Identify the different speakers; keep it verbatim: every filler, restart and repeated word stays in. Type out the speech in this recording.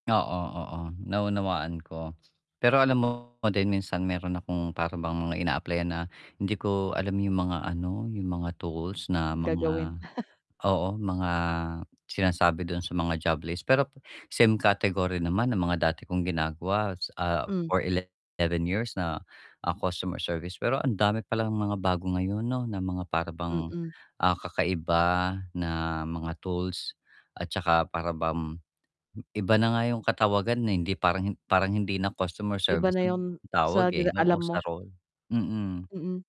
Speaker 1: Oo, oo, naunawaan ko. Pero alam mo din minsan meron akong para bang mga ina-apply-an na hindi ko alam yung mga ano, yung mga tools na
Speaker 2: Gagawin.
Speaker 1: mga oo, mga sinasabi dun sa mga job list, pero same category naman na mga dati kong ginagawa s ah,
Speaker 2: Hmm.
Speaker 1: for eleven years na, ah, customer service, pero ang dami pa lang mga bago ngayon 'no, na mga para bang,
Speaker 2: Mm.
Speaker 1: ah, kakaiba na mga tools at tsaka para bang iba na nga yung katawagan, eh, hindi parang parang hindi na customer service
Speaker 2: Iba na
Speaker 1: ang
Speaker 2: yung
Speaker 1: tawag,
Speaker 2: sa di
Speaker 1: eh. Oo,
Speaker 2: alam
Speaker 1: sa
Speaker 2: mo.
Speaker 1: role. Mm.
Speaker 2: Mm.